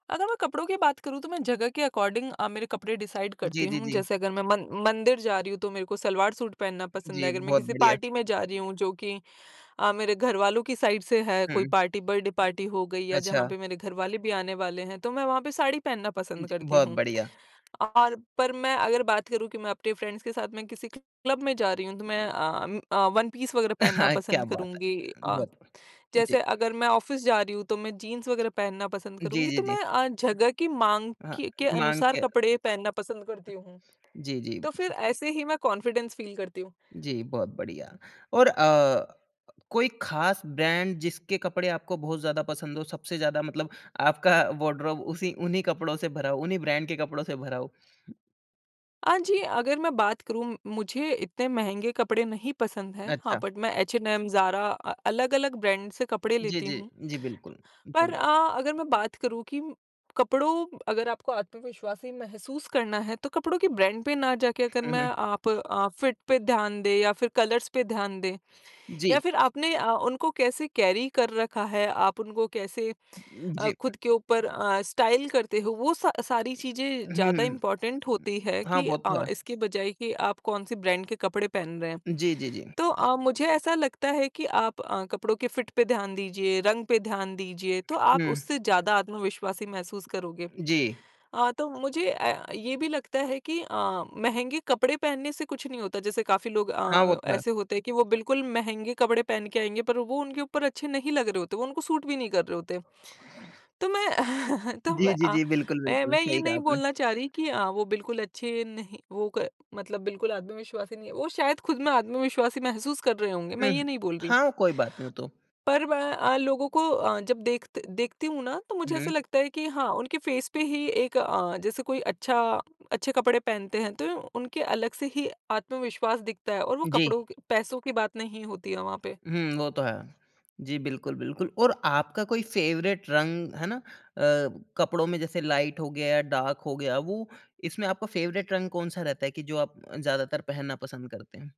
अगर मैं कपड़ों की बात करूँ तो मैं जगह के अकॉर्डिंग अ, मेरे कपड़े डिसाइड जी, करती जी, हूँ। जी। जैसे अगर मैं मन मंदिर जा रही हूँ तो मेरे को सलवार सूट पहनना पसंद जी, है, अगर मैं बहुत किसी बढ़िया। पार्टी में जा रही हूँ जो कि अ, मेरे घरवालों की साइड से है कोई हुँ। पार्टी बर्थडे पार्टी हो गई या जहाँ अच्छा। पे मेरे घर वाले भी आने वाले हैं तो मैं वहाँ पे साड़ी पहनना हाँ पसंद जी, करती बहुत हूँ। बढ़िया। और पर मैं अगर, बात करूँ कि मैं अपने फ्रेंड्स के साथ में किसी क्लब में जा रही हूँ, तो मैं अम्म, अ, वन पीस वग़ैरह पहनना क्या पसंद बात करूँगी है! अ, बहुत ब जी। जैसे अगर मैं ऑफिस जा रही हूँ, तो मैं जीन्स वग़ैरह पहनना पसंद जी, करूँगी, जी, तो जी। मैं अ, जगह की माँग हाँ, के के माँग अनुसार के कपड़े पहनना पसंद करती हूँ। जी, जी। तो फिर ऐसे ही मैं कॉन्फिडेंस फील करती हूँ। जी, बहुत बढ़िया। और अ, कोई खास ब्रांड जिसके कपड़े आपको बहुत ज़्यादा पसंद हो, सबसे ज़्यादा मतलब आपका वार्डरोब उसी उन्ही कपड़ो से भरा हो, उन्ही ब्रांड के कपड़ो से भरा हो? अ, जी अगर मैं बात करूँ, मुझे इतने महँगे कपड़े नहीं पसंद हैं। हाँ, अच्छा। बट मैं H&M, ZARA अ, अलग-अलग ब्रांड से कपड़े जी, लेती जी, हूँ। जी बिल्कुल, पर [unintelligible] अ अगर मैं बात करूँ कि कपड़ों अगर आपको आत्मविश्वासी महसूस करना है तो कपड़ों के ब्रांड पे ना जाके अगर हुँ, मैं हुँ। आप अ, फिट पे ध्यान दें या फिर कलर्स पर ध्यान दें या जी। फिर आपने अ, उनको कैसे कैरी कर रखा है आप उनको कैसे उम, अ, जी। खुद के ऊपर अ, स्टाइल करते हो वो सा सारी चीज़ें ज़्यादा हुँ। इम्पोर्टेंट होती है हाँ, कि वो तो अ, है। इसके बजाए कि आप कौन-सी ब्रांड के कपड़े पहन रहे हैं। जी, जी, जी। तो अ, मुझे ऐसा लगता है कि आप अ, कपड़ों के फिट पे ध्यान दीजिए, रंग पे ध्यान दीजिए तो आप हुँ। उससे ज़्यादा आत्मविश्वासी महसूस करोगे। जी। अ, तो मुझे अ, ये भी लगता है कि अ, महँगे कपड़े पहनने से कुछ नहीं होता, जैसे काफ़ी लोग हाँ, वो अ, तो है। ऐसे होते हैं कि वो बिल्कुल महँगे कपड़े पहन के आएँगे पर वो उनके ऊपर अच्छे नहीं लग रहे होते, वो उनको सूट भी नहीं कर रहे होते। तो मैं तो जी, मैं जी, अ, जी बिल्कुल, मैं बिल्कुल। मैं ये सही कहा नहीं आपने। बोलना चाह रही कि अ, वो बिल्कुल अच्छे नहीं वो क मतलब बिल्कुल आत्मविश्वासी नहीं है, वो शायद खुद में आत्मविश्वासी महसूस कर रहे होंगे, मैं हुँ, ये नहीं बोल रही हूँ। हाँ कोई बात नहीं, वो तो पर मैं अ, लोगों को अ, जब देखत देखती हूँ ना तो मुझे हुँ। ऐसा लगता है कि हाँ, उनके फेस पे ही एक अ, जैसे कोई अच्छा अच्छे कपड़े पहनते हैं तो उनके अलग से ही आत्मविश्वास दिखता है और वो जी। कपड़ों के पैसों की बात नहीं होती है वहाँ पे। हुँ, वो तो है। जी बिल्कुल, बिल्कुल और आपका कोई फेवरेट रंग, है ना? अ, कपड़ो में जैसे लाइट हो गया, डार्क हो गया, वो इसमें आपका फेवरेट रंग कौन-सा रहता है कि जो आप ज़्यादातर पहनना पसंद करते हैं?